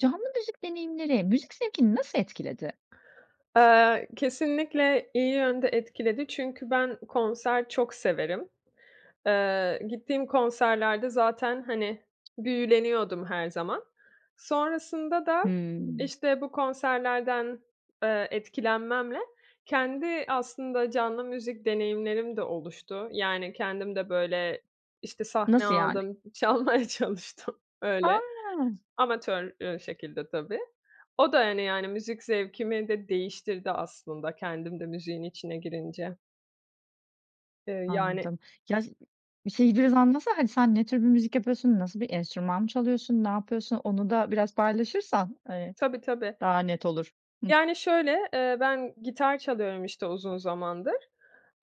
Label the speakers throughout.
Speaker 1: Canlı müzik deneyimleri müzik zevkini nasıl etkiledi?
Speaker 2: Eee, kesinlikle iyi yönde etkiledi çünkü ben konser çok severim. Eee, gittiğim konserlerde zaten, hani, büyüleniyordum her zaman. Sonrasında da,
Speaker 1: Hımm.
Speaker 2: işte, bu konserlerden, eee, etkilenmemle kendi aslında canlı müzik deneyimlerim de oluştu. Yani, kendim de, böyle, işte, sahne
Speaker 1: Nasıl, yani?
Speaker 2: aldım, çalmaya çalıştım
Speaker 1: Ha.
Speaker 2: öyle. Amatör, eee, şekilde tabii. O da hani, yani, müzik zevkimi de değiştirdi aslında, kendim de müziğin içine girince. Eee, yani
Speaker 1: Anladım. Ya si şeyi biraz anlatsana, hani, sen ne tür bir müzik yapıyorsun, nasıl Bir enstrüman mı çalıyorsun, ne yapıyorsun? Onu da biraz paylaşırsan, eee,
Speaker 2: Tabii, tabii.
Speaker 1: daha net olur. Hıh.
Speaker 2: Yani, şöyle, eee, ben gitar çalıyorum işte uzun zamandır.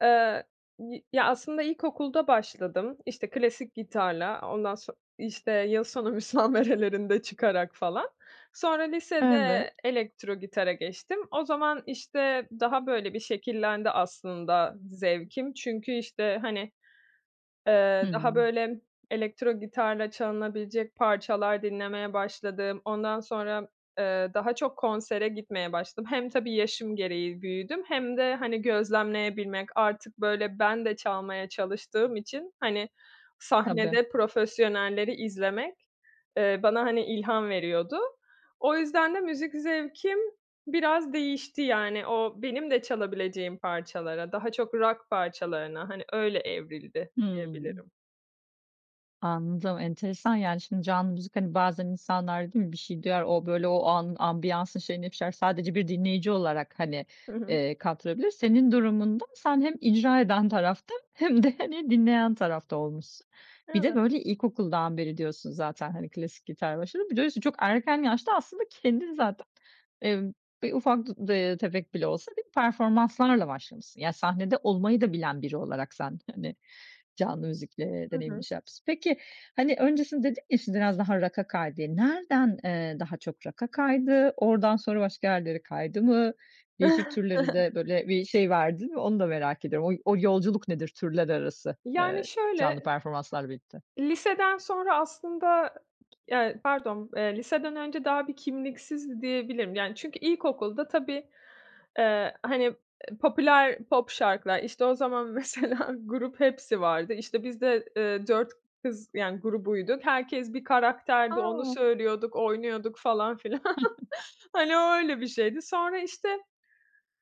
Speaker 2: Eee, y ya, aslında ilkokulda başladım, işte, klasik gitarla, o ondan son işte, yıl sonu müsamerelerinde çıkarak falan. Sonra
Speaker 1: Evet.
Speaker 2: lisede elektrogitara geçtim. O zaman, işte, daha, böyle, bir şekillendi aslında zevkim. Çünkü, işte, hani, eee, daha
Speaker 1: Hımm.
Speaker 2: böyle elektrogitarla çalınabilecek parçalar dinlemeye başladım. Ondan sonra, eee, daha çok konsere gitmeye başladım. Hem tabii yaşım gereği büyüdüm hem de, hani, gözlemleyebilmek Artık, böyle, ben de çalmaya çalıştığım için, hani,
Speaker 1: Tabii.
Speaker 2: sahnede profesyonelleri izlemek, eee, bana, hani, ilham veriyordu. O yüzden de müzik zevkim biraz değişti yani. O benim de çalabileceğim parçalara, daha çok rock parçalarına, hani, öyle evrildi
Speaker 1: Hımm.
Speaker 2: diyebilirim.
Speaker 1: Anladım, enteresan. Yani, şimdi, canlı müzik, hani, bazen insanlar, değil mi bir şey duyar, o, böyle, o anın ambiyansın şeyinde bir şeyler, sadece bir dinleyici olarak, hani,
Speaker 2: Hı hı.
Speaker 1: eee, kattırabilir. Senin durumunda sen hem icra eden tarafta hem de, hani, dinleyen tarafta olmuşsun. Bir de,
Speaker 2: Evet.
Speaker 1: böyle, ilkokuldan beri diyorsun zaten, hani, klasik gitarla başladın. Bir de üstüne çok erken yaşta aslında kendin zaten, eee, bir ufak dud de tefek bile olsa, bir performanslarla başlamışsın. Ya, sahnede olmayı da bilen biri olarak sen, hani, canlı müzikle
Speaker 2: Hı
Speaker 1: deneyimini
Speaker 2: hı.
Speaker 1: şey yapmışsın. Peki, hani, öncesinde dedin ya, "Şimdi biraz daha rock'a kaydı." diye. Nereden, eee, daha çok rock'a kaydı? Oradan sonra başka yerlere kaydı mı? Değişik türlere de böyle bir şey verdin mi? Onu da merak ediyorum. Oy o yolculuk nedir türler arası,
Speaker 2: Yani,
Speaker 1: eee, canlı
Speaker 2: şöyle
Speaker 1: performanslarla birlikte?
Speaker 2: liseden sonra aslında, ya, pardon, eee, liseden önce daha bir kimliksizdi diyebilirim. Yani, çünkü ilkokulda tabii, eee, hani, eee, popüler pop şarkılar İşte, o zaman mesela Grup Hepsi vardı, işte, biz de, eee, 4 kız, yani, grubuyduk. Herkes bir karakterdi, onu
Speaker 1: A!
Speaker 2: söylüyorduk, oynuyorduk falan filan. Hani, o öyle bir şeydi. Sonra, işte,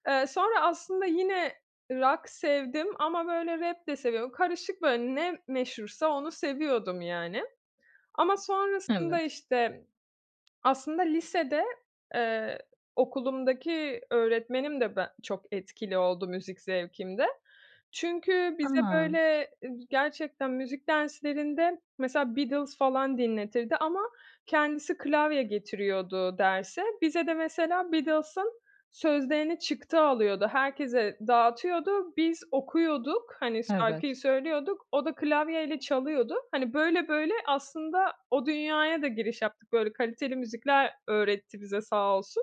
Speaker 2: eee, sonra aslında yine rock sevdim ama, böyle, rap de seviyordum. Karışık, böyle, ne meşhursa onu seviyordum, yani. Ama sonrasında,
Speaker 1: Evet.
Speaker 2: işte, aslında lisede, eee, okulumdaki öğretmenim de ben çok etkili oldu müzik zevkimde. Çünkü bize, böyle,
Speaker 1: A!
Speaker 2: eee, gerçekten müzik derslerinde mesela Beatles falan dinletirdi ama kendisi klavye getiriyordu derse. Bize de mesela Beatles'ın sözlerini çıktı alıyordu, herkese dağıtıyordu, biz okuyorduk, hani, şarkıyı
Speaker 1: Evet.
Speaker 2: söylüyorduk, o da klavyeyle çalıyordu. Hani, böyle böyle aslında o dünyaya da giriş yaptık. Böyle, kaliteli müzikler öğretti bize sağ olsun.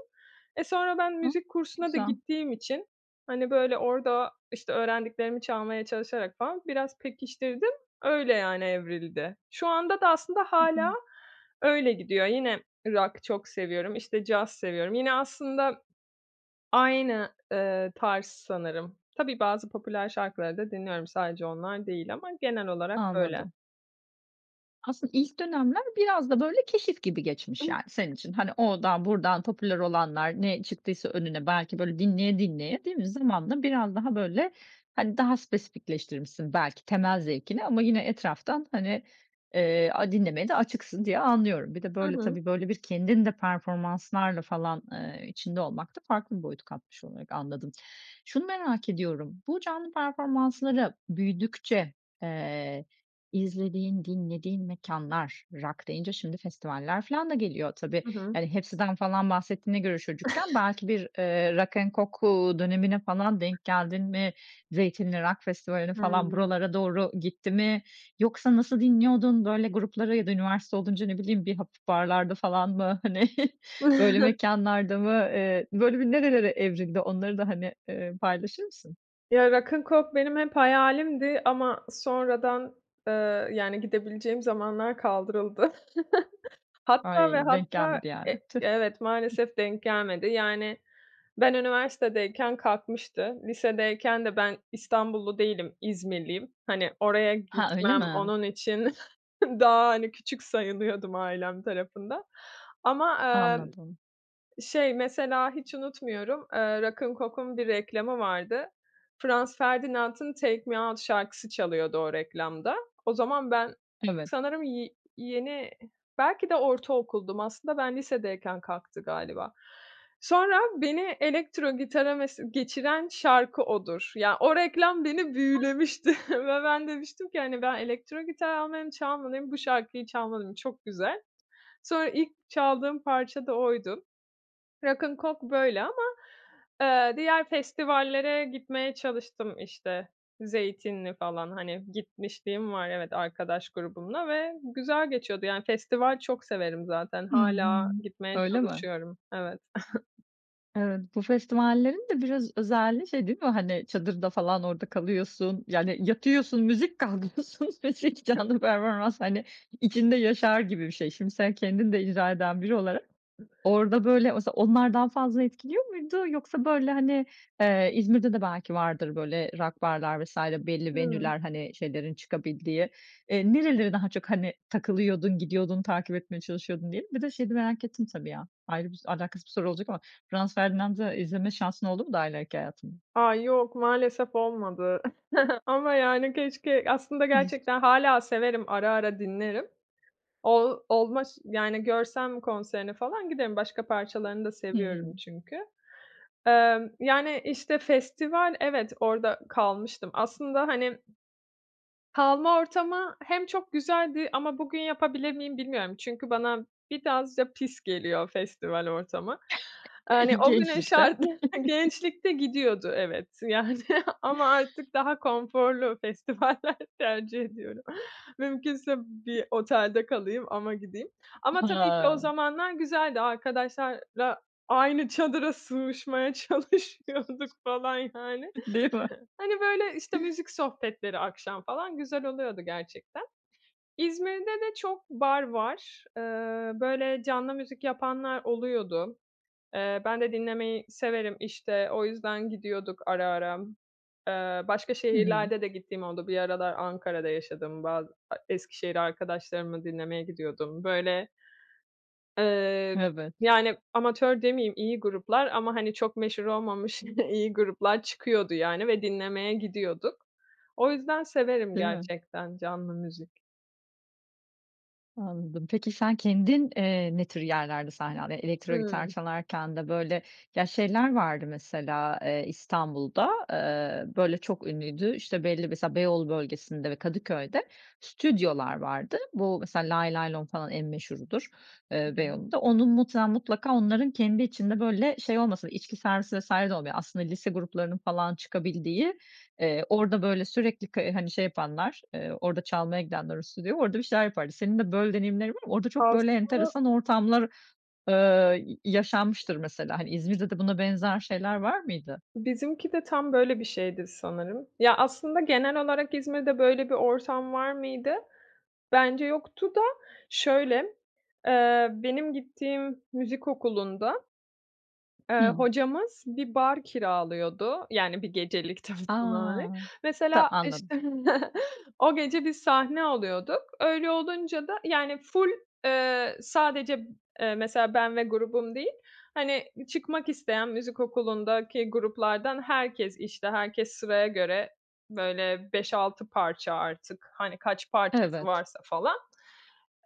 Speaker 2: E, sonra ben
Speaker 1: Hıı.
Speaker 2: müzik
Speaker 1: Ne
Speaker 2: kursuna da
Speaker 1: güzel.
Speaker 2: gittiğim için, hani, böyle, orada, işte, öğrendiklerimi çalmaya çalışarak falan biraz pekiştirdim. Öyle, yani, evrildi. Şu anda da aslında
Speaker 1: Hı hı.
Speaker 2: hâlâ öyle gidiyor. Yine rock çok seviyorum, işte, caz seviyorum. Yine aslında aynı, eee, tarz sanırım. Tabii, bazı popüler şarkıları da dinliyorum. Sadece onlar değil ama genel olarak öyle.
Speaker 1: Anladım. Aslında ilk dönemler biraz da, böyle, keşif gibi geçmiş, yani, senin için. Hani, oradan, buradan, popüler olanlar, ne çıktıysa önüne, belki, böyle, dinleye dinleye, değil mi? Zamanla biraz daha böyle, hani, daha spesifikleştirmişsin belki temel zevkini ama yine etraftan, hani, eee, a dinlemeye de açıksın diye anlıyorum. Bir de,
Speaker 2: Hı
Speaker 1: böyle,
Speaker 2: hı.
Speaker 1: tabii, böyle, bir kendin de performanslarla falan, ııı, içinde olmak da farklı bir boyut katmış olarak anladım. Şunu merak ediyorum, bu canlı performanslara büyüdükçe, eee, izlediğin, dinlediğin mekânlar rock deyince şimdi festivaller filan da geliyor tabii.
Speaker 2: Hı hı.
Speaker 1: Yani, Hepsi'den falan bahsettiğine göre çocukken belki bir, eee, Rock'n Coke, uuu, dönemine falan denk geldin mi? Zeytinli Rock Festivali'ne falan
Speaker 2: Hıı.
Speaker 1: buralara doğru gitti mi? Yoksa nasıl dinliyordun, böyle grupları ya da üniversite olunca ne bileyim bir hafif barlarda falan mı, hani, böyle mekânlarda mı? Eee, böyle, bir nerelere evrildi onları da, hani, eee, paylaşır mısın?
Speaker 2: Ya, Rock'n Coke benim hep hayalimdi ama sonradan, ııı, yani, gidebileceğim zamanlar kaldırıldı. Hatta ve
Speaker 1: Ay, denk
Speaker 2: hatta,
Speaker 1: gelmedi, yani.
Speaker 2: e evet,
Speaker 1: Tüh.
Speaker 2: maalesef denk gelmedi. Yani, ben, üniversitedeyken kalkmıştı. Lisedeyken de ben İstanbullu değilim, İzmirliyim. Hani, oraya
Speaker 1: Hıı, öyle
Speaker 2: gitmem,
Speaker 1: mi?
Speaker 2: onun için daha, hani, küçük sayılıyordum ailem tarafından. Ama, ııı,
Speaker 1: Anladım.
Speaker 2: şey, mesela, hiç unutmuyorum, eee, Rock'n Coke'un bir reklamı vardı. Franz Ferdinand'ın ”Take Me Out” şarkısı çalıyordu o reklamda. O zaman ben,
Speaker 1: Evet.
Speaker 2: sanırım ye yeni, belki de ortaokuldum. Aslında ben lisedeyken kalktı galiba. Sonra beni elektro gitara mes geçiren şarkı odur. Ya, o reklam beni büyülemişti ve ben demiştim ki, hani, ben elektro gitar almalıyım, çalmalıyım, bu şarkıyı çalmalıyım, çok güzel. Sonra ilk çaldığım parça da oydu. Rock'n Coke böyle ama, eee, diğer festivallere gitmeye çalıştım. İşte, Zeytinli falan, hani, gitmişliğim var, evet, arkadaş grubumla ve güzel geçiyordu, yani, festival çok severim zaten.
Speaker 1: Hı hı.
Speaker 2: Hâlâ gitmeye
Speaker 1: Öyle mi?
Speaker 2: çalışıyorum, evet.
Speaker 1: Evet. Bu festivallerin de biraz özelliği şey değil mi? Hani, çadırda falan orada kalıyorsun, yani yatıyorsun müzik, kalkıyorsun müzik, canlı
Speaker 2: [unintelligible]
Speaker 1: performans, hani, içinde yaşar gibi bir şey. Şimdi sen kendin de icra eden biri olarak orada, böyle, mesela onlar daha fazla etkiliyor muydu yoksa, böyle, hani, eee, İzmir'de de belki vardır böyle rock barlar vs. belli
Speaker 2: Hımm.
Speaker 1: venue'ler, hani, şeylerin çıkabildiği. Eee, nereleri daha çok, hani, takılıyordun, gidiyordun, takip etmeye çalışıyordun, diyelim. Bir de şeyi merak ettim tabii ya, ayrı bir alakasız bir soru olacak ama Franz Ferdinand'ı izleme şansın oldu mu daha ileriki hayatında?
Speaker 2: A, yok, maalesef olmadı ama, yani, keşke aslında
Speaker 1: Hıh.
Speaker 2: gerçekten hâlâ severim, ara ara dinlerim. Ol olma ş yani, görsem konserini falan giderim. Başka parçalarını da seviyorum
Speaker 1: Hımm.
Speaker 2: çünkü. Emm, yani, işte, festival, evet, orada kalmıştım. Aslında, hani kalma ortamı hem çok güzeldi ama bugün yapabilir miyim, bilmiyorum. Çünkü bana biraz da pis geliyor festival ortamı. Eee, hani,
Speaker 1: Eee,
Speaker 2: o günün
Speaker 1: gençlikte.
Speaker 2: şartları gençlikte gidiyordu. Evet, yani, ama artık daha konforlu festivaller tercih ediyorum. Mümkünse bir otelde kalayım ama gideyim. Ama tabii ki o
Speaker 1: Ha.
Speaker 2: zamanlar güzeldi. Arkadaşlarla aynı çadıra sığışmaya çalışıyorduk falan yani.
Speaker 1: Değil mi?
Speaker 2: Hani, böyle, işte, müzik sohbetleri akşam falan güzel oluyordu gerçekten. İzmir'de de çok bar var. Iıı, böyle, canlı müzik yapanlar oluyordu. Eee, ben de dinlemeyi severim, işte, o yüzden gidiyorduk ara ara. Eee, başka
Speaker 1: Hı hı.
Speaker 2: şehirlerde de gittiğim oldu. Bir aralar Ankara'da yaşadım ba Eskişehir'e arkadaşlarımı dinlemeye gidiyordum, böyle ııı,
Speaker 1: Evet.
Speaker 2: yani, amatör demeyeyim iyi gruplar ama hani çok meşhur olmamış iyi gruplar çıkıyordu yani ve dinlemeye gidiyorduk. O yüzden severim
Speaker 1: Değil mi?
Speaker 2: gerçekten canlı müzik.
Speaker 1: Anladım. Peki sen kendin, eee, ne tür yerlerde sahne aldın? Ya, elektro gitar
Speaker 2: Hıı.
Speaker 1: çalarken de böyle, ya şeyler vardı mesela, eee, İstanbul'da, eee, böyle çok ünlüydü, işte belli mesela Beyoğlu bölgesinde ve Kadıköy'de stüdyolar vardı. Bu mesela Laylaylom falan en meşhurudur, eee,
Speaker 2: [unintelligible]
Speaker 1: Beyoğlu'nda. Onun muhtemelen, mutlaka onların kendi içinde böyle şey olmasa, içki servisi vs. de olmuyor, aslında lise gruplarının falan çıkabildiği, eee, orada böyle, sürekli ka hani şey yapanlar, eee, orada çalmaya gidenler, o stüdyoya, orada bir şeyler yapardı. Senin de böyle deneyimlerin var mı? Orada çok böyle
Speaker 2: Aslında
Speaker 1: enteresan ortamlar, eee, y yaşanmıştır mesela. Hani İzmir'de de buna benzer şeyler var mıydı?
Speaker 2: Bizimki de tam böyle bir şeydi sanırım. Ya aslında genel olarak İzmir'de böyle bir ortam var mıydı? Bence yoktu da. Şöyle, eee, benim gittiğim müzik okulunda, eee,
Speaker 1: Hı.
Speaker 2: hocamız bir bar kiralıyordu yani 1 gecelik tabii.
Speaker 1: A!
Speaker 2: [unintelligible]
Speaker 1: Ta
Speaker 2: Mesela,
Speaker 1: anladım.
Speaker 2: işte, o gece biz sahne alıyorduk. Öyle olunca da yani full, eee, sadece, eee, mesela ben ve grubum değil, hani çıkmak isteyen müzik okulundaki gruplardan herkes, işte herkes sıraya göre, böyle 5-6 parça artık. Hani, kaç parçası
Speaker 1: Evet.
Speaker 2: varsa falan.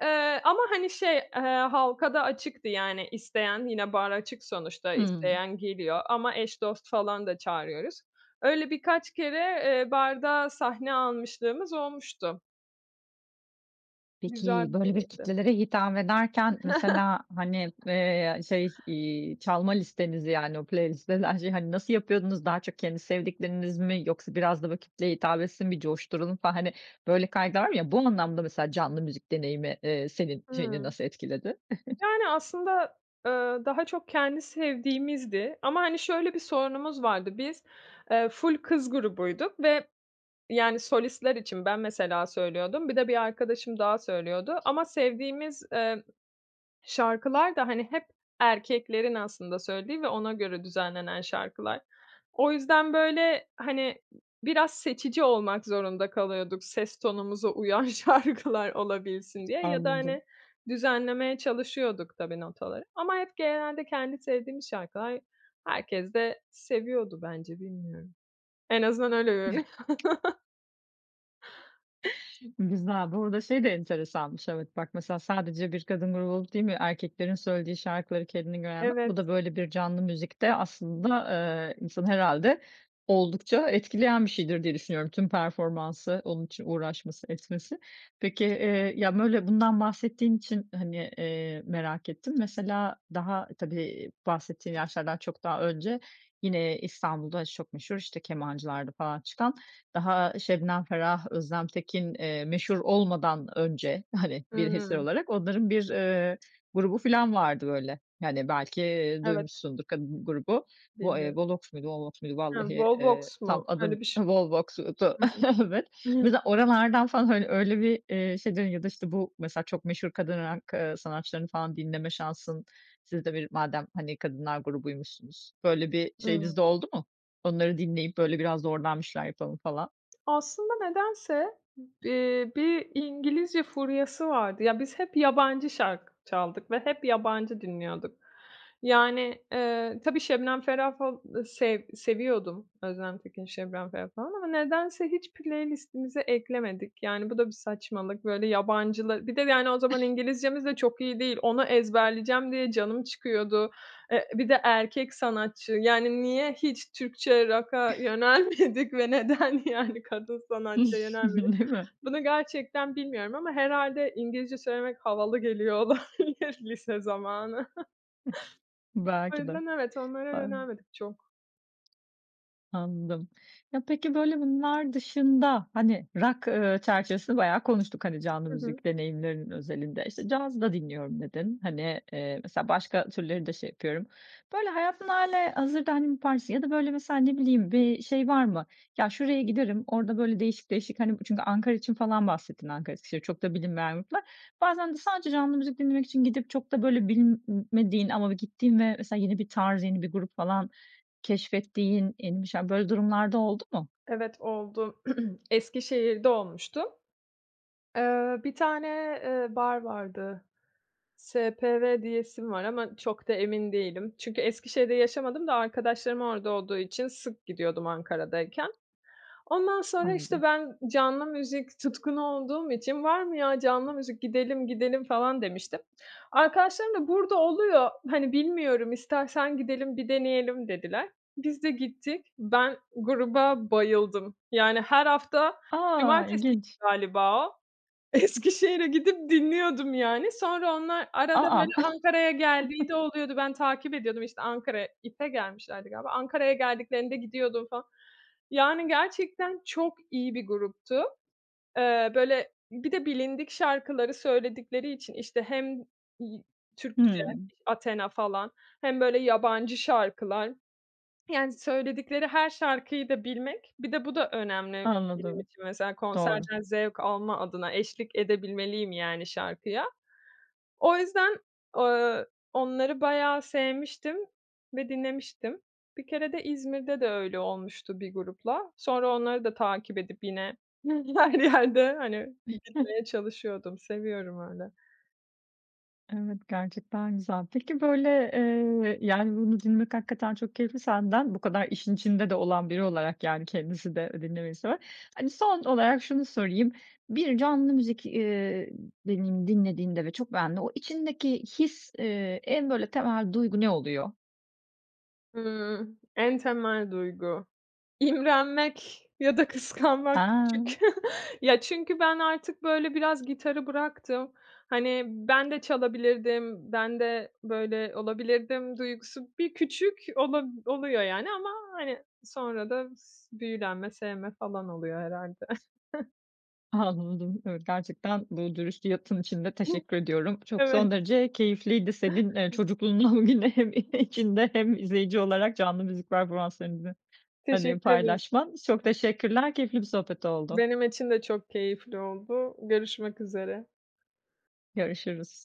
Speaker 2: Eee, ama hani şey, eee, halka da açıktı yani isteyen yine bar açık sonuçta,
Speaker 1: Hı.
Speaker 2: isteyen geliyor ama eş dost falan da çağırıyoruz. Öyle birkaç kere, eee, barda sahne almışlığımız olmuştu. Güzel
Speaker 1: Peki,
Speaker 2: bir
Speaker 1: böyle bir
Speaker 2: deneydi.
Speaker 1: kitlelere hitap ederken mesela, hani, eee, şey, iii, çalma listenizi yani o playlist denen şeyi hani nasıl yapıyordunuz? Daha çok kendi sevdikleriniz mi yoksa biraz da böyle kitleye hitap etsin, bir coşturalım falan hani böyle kaygılar var ya, bu anlamda mesela canlı müzik deneyimi, eee, senin şeyini
Speaker 2: Hıı.
Speaker 1: nasıl etkiledi?
Speaker 2: Yani aslında, eee, daha çok kendi sevdiğimizdi. Ama hani şöyle bir sorunumuz vardı, biz, eee, ful kız grubuyduk ve yani solistler için ben mesela söylüyordum, bir de bir arkadaşım daha söylüyordu. Ama sevdiğimiz, eee, şarkılar da hani hep erkeklerin aslında söylediği ve ona göre düzenlenen şarkılar. O yüzden böyle, hani biraz seçici olmak zorunda kalıyorduk, ses tonumuza uyan şarkılar olabilsin diye ya da
Speaker 1: Anladım.
Speaker 2: hani düzenlemeye çalışıyorduk tabii notaları. Ama hep genelde kendi sevdiğimiz şarkılar, herkes de seviyordu bence, bilmiyorum. En azından öyle görünüyor.
Speaker 1: Güzel. Bu arada şey de enteresanmış, evet. Bak, mesela sadece bir kadın grubu olup değil mi, erkeklerin söylediği şarkıları kendine göre. [unintelligible]
Speaker 2: Evet.
Speaker 1: Bu da böyle bir canlı müzikte aslında, eee, insanı herhâlde oldukça etkileyen bir şeydir diye düşünüyorum. Tüm performansı, onun için uğraşması, etmesi. Peki, eee, ya böyle, bundan bahsettiğin için hani, eee, merak ettim. Mesela daha, tabii bahsettiğin yaşlardan çok daha önce, yine İstanbul'da çok meşhur işte Kemancı'larda falan çıkan, daha Şebnem Ferah, Özlem Tekin, eee, meşhur olmadan önce, hani bir eser
Speaker 2: Hıı.
Speaker 1: olarak onların bir, eee, grubu filan vardı böyle, yani belki
Speaker 2: Evet.
Speaker 1: duymuşsundur kadın grubu. Bu, eee,
Speaker 2: Deniyorum.
Speaker 1: Volox muydu Holox muydu
Speaker 2: Hıı,
Speaker 1: vallahi, eee,
Speaker 2: Volvox mu?
Speaker 1: tam adını
Speaker 2: Öyle bir ş
Speaker 1: ha Volvox'tu,
Speaker 2: Hı hı.
Speaker 1: evet. Mesela oralardan falan hani öyle bir, iii, şey deniyor ya da işte bu, mesela çok meşhur kadın rock, ııı, sanatçılarını falan dinleme şansın, siz de bir madem hani kadınlar grubuymuşsunuz, böyle bir
Speaker 2: Hıı.
Speaker 1: şeyiniz de oldu mu? Onları dinleyip böyle, biraz da oradan bir şeyler yapalım falan.
Speaker 2: Aslında nedense, eee, bir İngilizce furyası vardı. Ya biz hep yabancı şarkı çaldık ve hep yabancı dinliyorduk. Yani, eee, tabii Şebnem Ferah fal sev seviyordum. Özlem Tekin, Şebnem Ferah falan ama nedense hiç playlist'imize eklemedik. Yani bu da bir saçmalık, böyle yabancılı Bir de yani o zaman İngilizcemiz de çok iyi değil. Onu ezberleyeceğim diye canım çıkıyordu. Eee, bir de erkek sanatçı. Yani niye hiç Türkçe rock'a yönelmedik ve neden yani kadın sanatçıya yönelmedik?
Speaker 1: Değil mi?
Speaker 2: Bunu gerçekten bilmiyorum ama herhâlde İngilizce söylemek havalı geliyor olabilir lise zamanı.
Speaker 1: Hıh.
Speaker 2: O
Speaker 1: Belki de.
Speaker 2: yüzden evet, onlara
Speaker 1: Eee
Speaker 2: yönelmedik çok.
Speaker 1: Anladım. Ya, peki, böyle, bunlar dışında, hani, rock, eee, çerçevesini bayağı konuştuk, hani, canlı
Speaker 2: Hı hı.
Speaker 1: müzik deneyimlerinin özelinde. İşte, caz da dinliyorum dedin, hani, eee, mesela başka türleri de şey yapıyorum. Böyle, hayatında hâlihazırda, hani, yapar mısın ya da, böyle, mesela ne bileyim bir şey var mı, "Ya, şuraya giderim, orada böyle değişik değişik, hani" çünkü Ankara için falan bahsettin: Ankara, Eskişehir, çok da bilinmeyen gruplar. Bazen de sadece canlı müzik dinlemek için gidip çok da, böyle, bilmediğin ama ve gittiğin ve mesela yeni bir tarz, yeni bir grup falan keşfettiğin, yeni bir şeyler, böyle durumlar da oldu mu?
Speaker 2: Evet, oldu. Eskişehir'de olmuştu. Eee, bir tane, eee, bar vardı. SPV diyesim var ama çok da emin değilim çünkü Eskişehir'de yaşamadım da arkadaşlarım orada olduğu için sık gidiyordum Ankara'dayken. Ondan sonra, işte,
Speaker 1: Anladım.
Speaker 2: ben canlı müzik tutkunu olduğum için, "Var mı ya canlı müzik? Gidelim, gidelim." falan demiştim. Arkadaşlarım da: "Burada oluyor, hani, bilmiyorum, istersen gidelim, bir deneyelim." dediler. Biz de gittik. Ben gruba bayıldım. Yani, her hafta
Speaker 1: A!
Speaker 2: cumartesiydi
Speaker 1: İlginç.
Speaker 2: galiba o. Eskişehir'e gidip dinliyordum, yani, sonra onlar
Speaker 1: A,
Speaker 2: arada, böyle,
Speaker 1: a!
Speaker 2: Ankara'ya geldiği de oluyordu. Ben takip ediyordum, işte, Ankara'ya, IF'e gelmişlerdi galiba. Ankara'ya geldiklerinde gidiyordum falan. Yani, gerçekten çok iyi bir gruptu. Eee, böyle, bir de bilindik şarkıları söyledikleri için, işte, hem, iii, Türkçe,
Speaker 1: Hımm.
Speaker 2: iş Athena falan hem, böyle, yabancı şarkılar. Yani, söyledikleri her şarkıyı da bilmek... Bir de bu da önemli benim
Speaker 1: Anladım.
Speaker 2: için mesela
Speaker 1: Doğru.
Speaker 2: konserden zevk alma adına eşlik edebilmeliyim yani şarkıya. O yüzden eee, onları bayağı sevmiştim ve dinlemiştim. Bir kere de İzmir'de de öyle olmuştu bir grupla. Sonra onları da takip edip yine her yerde, hani, gitmeye çalışıyordum. Seviyorum öyle.
Speaker 1: Evet, gerçekten güzel. Peki, böyle, eee, yani, bunu dinlemek hakikaten çok keyifli senden, bu kadar işin içinde de olan biri olarak, yani, kendisi de dinlemeyi seven. Hani, son olarak şunu sorayım, bir canlı müzik, eee, deneyimi dinlediğinde ve çok beğendiğinde, o içindeki his, eee, en böyle temel duygu ne oluyor?
Speaker 2: Hıı, en temel duygu. İmrenmek ya da kıskanmak küçük.
Speaker 1: A.
Speaker 2: Ya, çünkü ben artık böyle biraz gitarı bıraktım. Hani, ben de çalabilirdim, ben de böyle olabilirdim duygusu bir küçük olab oluyor yani ama, hani, sonra da s büyülenme, sevme falan oluyor herhâlde.
Speaker 1: Anladım. Evet, gerçekten bu dürüst yanıtın için de teşekkür ediyorum. Çok, son
Speaker 2: Evet.
Speaker 1: derece keyifliydi senin, eee, çocukluğundan bugüne hem içinde hem izleyici olarak canlı müzik performanslarını, hani,
Speaker 2: Teşekkür ederim.
Speaker 1: paylaşman. Çok teşekkürler, keyifli bir sohbet oldu.
Speaker 2: Benim için de çok keyifli oldu. Görüşmek üzere.
Speaker 1: Görüşürüz.